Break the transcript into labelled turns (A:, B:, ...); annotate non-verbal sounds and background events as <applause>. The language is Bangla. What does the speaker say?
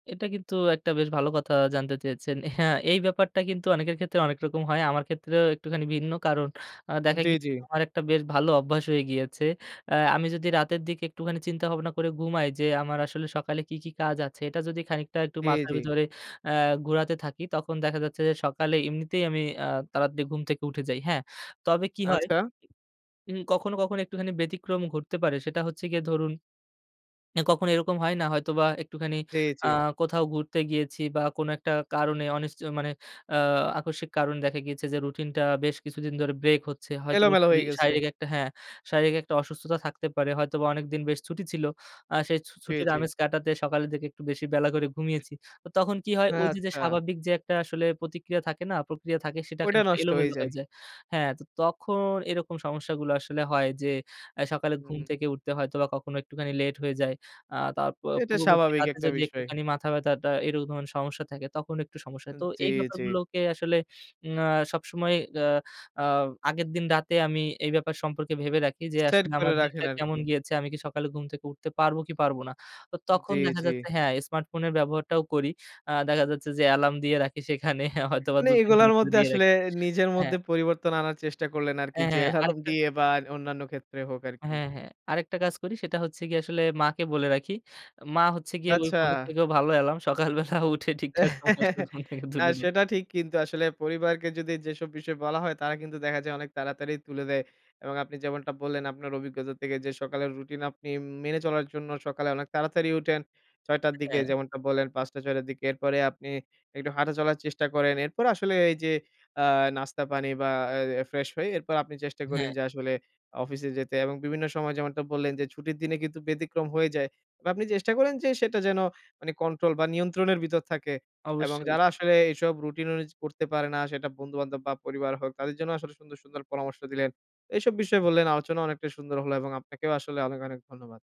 A: এটা কিন্তু একটা বেশ ভালো কথা জানতে চেয়েছেন। হ্যাঁ, এই ব্যাপারটা কিন্তু অনেকের ক্ষেত্রে অনেক রকম হয় আমার ক্ষেত্রেও একটুখানি ভিন্ন কারণ আ দেখা
B: জ্বি,
A: গিয়ে
B: জ্বি।
A: আমার একটা বেশ ভালো অভ্যাস হয়ে গিয়েছে। আ আমি যদি রাতের দিকে একটুখানি চিন্তাভাবনা করে ঘুমাই যে আমার আসলে সকালে কী, কী কাজ আছে? এটা যদি খানিকটা একটু
B: জ্বি,
A: মাথার
B: জ্বি।
A: ভিতরে আ ঘোরাতে থাকি তখন দেখা যাচ্ছে যে সকালে এমনিতেই আমি আ তাড়াতাড়ি ঘুম থেকে উঠে যাই, হ্যাঁ। তবে কি হয়
B: আচ্ছা।
A: উ কখনো, কখনো একটুখানি ব্যতিক্রম ঘটতে পারে সেটা হচ্ছে গিয়ে ধরুন, কখনো এরকম হয় না হয়তোবা একটুখানি
B: জ্বি,
A: আ
B: জ্বি।
A: কোথাও ঘুরতে গিয়েছি বা কোনো একটা কারণে অনিশ্চ মানে আ আকস্মিক কারণ দেখা গিয়েছে যে রুটিনটা বেশ কিছুদিন ধরে ব্রেক হচ্ছে। হয়তোবা
B: এলোমেলো হয়ে
A: শরীর
B: গেছে।
A: শারীরিক একটা হ্যাঁ, শারীরিক একটা অসুস্থতা থাকতে পারে, হয়তোবা অনেকদিন বেশ ছুটি ছিল। আ সেই ছু
B: জ্বি,
A: ছুটির
B: জ্বি।
A: আমেজ কাটাতে সকালের দিকে একটু বেশি বেলা করে ঘুমিয়েছি। তো তখন কি হয় ওই যে যে
B: আচ্ছা।
A: স্বাভাবিক যে একটা আসলে প্রতিক্রিয়া থাকে না, প্রক্রিয়া থাকে সেটা
B: ওইটা
A: খানিক
B: নষ্ট হই
A: এলোমেলো হয়ে
B: যায়।
A: যায়। হ্যাঁ, তো তখন এরকম সমস্যাগুলো আসলে হয় যে, আ সকালে ঘুম
B: হুম।
A: থেকে উঠতে হয়তোবা কখনো একটুখানি লেট হয়ে যায়। আ তার পূ
B: এটা
A: পূর্ববর্তী
B: স্বাভাবিক
A: রাতে
B: একটা
A: যদি
B: বিষয়।
A: একটুখানি মাথা ব্যথাটা এরকম সমস্যা থাকে তখন একটু সমস্যা
B: আ
A: হয়। তো
B: জ্বি,
A: এই
B: জ্বি।
A: ব্যাপারগুলোকে আসলে উম আ সবসময় আ আ আগের দিন রাতে আমি এই ব্যাপার সম্পর্কে ভেবে রাখি যে
B: সেট
A: আসলে
B: করে
A: আমার
B: রাখেন
A: দিনটা কেমন
B: আরকি।
A: গিয়েছে, আমি কি সকালে ঘুম থেকে উঠতে পারবো কি পারব না? তো
B: উ
A: তখন
B: জ্বি,
A: দেখা
B: জ্বি।
A: যাচ্ছে হ্যাঁ, স্মার্টফোনের ব্যবহারটাও করি। আ দেখা যাচ্ছে যে অ্যালার্ম দিয়ে রাখি সেখানে হয়তোবা
B: মানে
A: ২ ৩
B: এগুলোর মধ্যে আসলে
A: রাখি
B: নিজের
A: হ্যাঁ।
B: মধ্যে পরিবর্তন আনার চেষ্টা করলেন আরকি
A: এ
B: যে
A: হ্যাঁ,
B: এলার্ম
A: আরেকটা
B: দিয়ে বা অন্যান্য ক্ষেত্রে হোক আরকি।
A: হ্যাঁ, হ্যাঁ। আরেকটা কাজ করি সেটা হচ্ছে গিয়ে আসলে মাকে বলে রাখি। মা হচ্ছে গিয়ে ওই ফোনের
B: আচ্ছা।
A: থেকেও ভালো এলার্ম। সকালবেলা উঠে ঠিকঠাক সময় আসলে
B: <chuckles>
A: ঘুম থেকে
B: না
A: তুলে দেয়।
B: সেটা ঠিক কিন্তু আসলে পরিবারকে যদি যেসব বিষয় বলা হয় তারা কিন্তু দেখা যায় অনেক তাড়াতাড়ি তুলে দেয়। এবং আপনি যেমনটা বললেন আপনার অভিজ্ঞতা থেকে যে সকালের রুটিন আপনি উম মেনে চলার জন্য সকালে অনেক তাড়াতাড়ি উঠেন। ৬ঃ০০ র দিকে
A: হ্যাঁ।
B: যেমনটা বললেন ৫ঃ০০-৬ঃ০০ র দিকে। এরপরে আপনি একটু হাঁটা চলার চেষ্টা করেন। এরপর আসলে এই যে আ নাস্তা পানি বা এ ফ্রেশ হয়ে এরপর আপনি চেষ্টা করেন
A: হ্যাঁ।
B: যে আসলে অফিসে যেতে এবং বিভিন্ন সময় যেমনটা বললেন, যে ছুটির দিনে কিন্তু ব্যতিক্রম হয়ে যায়। বা আপনি চেষ্টা করেন যে সেটা যেন মানে কন্ট্রোল বা নিয়ন্ত্রণের ভিতর থাকে। এবং
A: অবশ্যই, অবশ্য।
B: যারা আসলে এসব রুটিন অনুযায়ী করতে পারে না সেটা বন্ধুবান্ধব বা পরিবার হোক তাদের জন্য আসলে সুন্দর, সুন্দর পরামর্শ দিলেন। এসব বিষয়ে বললেন, আলোচনা অনেকটাই সুন্দর হলো এবং আপনাকেও আসলে অনেক, অনেক ধন্যবাদ।